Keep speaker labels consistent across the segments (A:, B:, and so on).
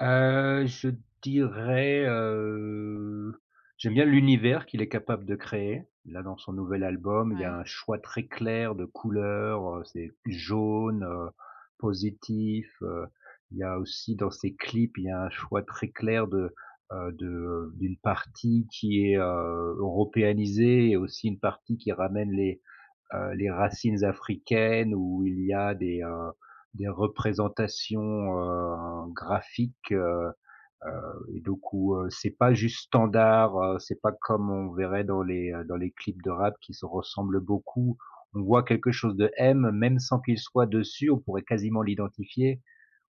A: Heu, je dirais, heu, j'aime bien l'univers qu'il est capable de créer. Là, dans son nouvel album, il y a
B: Ouais.
A: un choix très clair de couleurs, heu, c'est jaune, heu, positif, heu, il y a aussi dans ses clips, il y a un choix très clair de, heu, de d'une partie qui est, heu, européanisée et aussi une partie qui ramène les, heu, les racines africaines, où il y a des, heu, des représentations, heu, graphiques, heu, heu et du coup, heu, c'est pas juste standard. Heu, c'est pas comme on verrait dans les, heu, dans les clips de rap qui se ressemblent beaucoup. On voit quelque chose de M, même sans qu'il soit dessus. On pourrait quasiment l'identifier.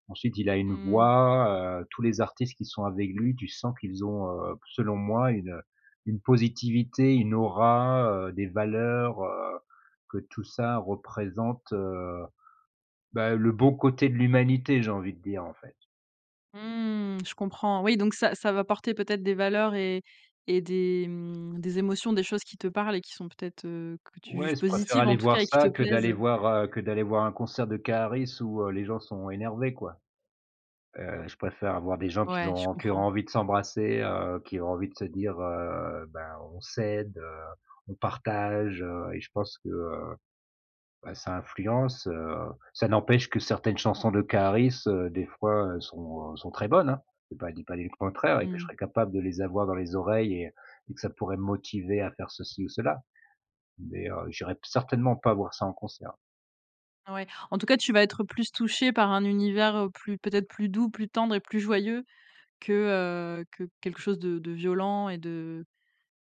A: Ensuite il a une
B: Mmh.
A: voix, heu, tous les artistes qui sont avec lui, tu sens qu'ils ont, heu, selon moi, une, heu, une positivité, une aura, heu, des valeurs, heu, que tout ça représente, heu, bah, le bon côté de l'humanité, j'ai envie de dire, en fait.
B: Mmh, je comprends. Oui, donc ça ça va porter peut-être des valeurs et et des, mmh, des émotions, des choses qui te parlent et qui sont peut-être, heu, que tu
A: Ouais,
B: juges
A: je préfère
B: positives, en
A: aller
B: tout
A: voir
B: cas, et qui
A: ça
B: te
A: que d'aller
B: plaisent.
A: voir, heu, que d'aller voir un concert de Karris où, heu, les gens sont énervés, quoi. Heu, je préfère avoir des gens qui
B: Ouais, je
A: ont qui ont
B: comprends.
A: envie de s'embrasser, heu, qui ont envie de se dire, heu: «Bah, on s'aide, heu, on partage», heu et je pense que, heu, bah, ça influence, heu. Ça n'empêche que certaines chansons de Karris, des fois, sont, heu, sont très bonnes, hein. J'ai pas j'ai pas dit le contraire et que je
B: Mmh.
A: serais capable de les avoir dans les oreilles et et que ça pourrait me motiver à faire ceci ou cela, mais, heu, j'irais certainement pas voir ça en concert.
B: Ouais. En tout cas, tu vas être plus touché par un univers, heu, plus peut-être plus doux, plus tendre et plus joyeux que, heu, que quelque chose de de violent et de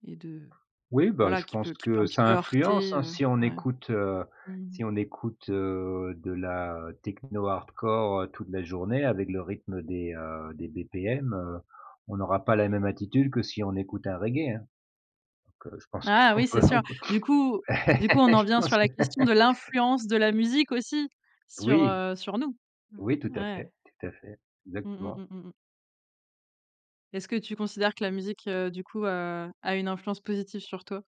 B: et de
A: Oui, bah,
B: voilà,
A: je
B: qui
A: pense
B: peut qui peut
A: que
B: un petit
A: ça
B: peu
A: influence,
B: heurter.
A: hein,
B: Heu,
A: si on
B: ouais.
A: écoute, heu,
B: Mmh mh.
A: si on écoute, heu, de la techno hardcore, heu, toute la journée avec le rythme des, heu, des BPM, heu, on aura pas la même attitude que si on écoute un reggae, hein. Donc, heu, je pense
B: Ah
A: qu'on
B: oui,
A: peut
B: c'est sûr!
A: on peut
B: Du coup du coup, on en
A: Je
B: vient
A: pense,
B: sur la
A: ouais.
B: question de l'influence de la musique aussi sur,
A: Oui.
B: heu, sur nous. Mmh.
A: Oui, tout à
B: Ouais.
A: fait, tout à fait,
B: Mmh mh,
A: exactement.
B: mmh, mmh, mmh. Est-ce que tu considères que la musique, heu, du coup, a a une influence positive sur toi?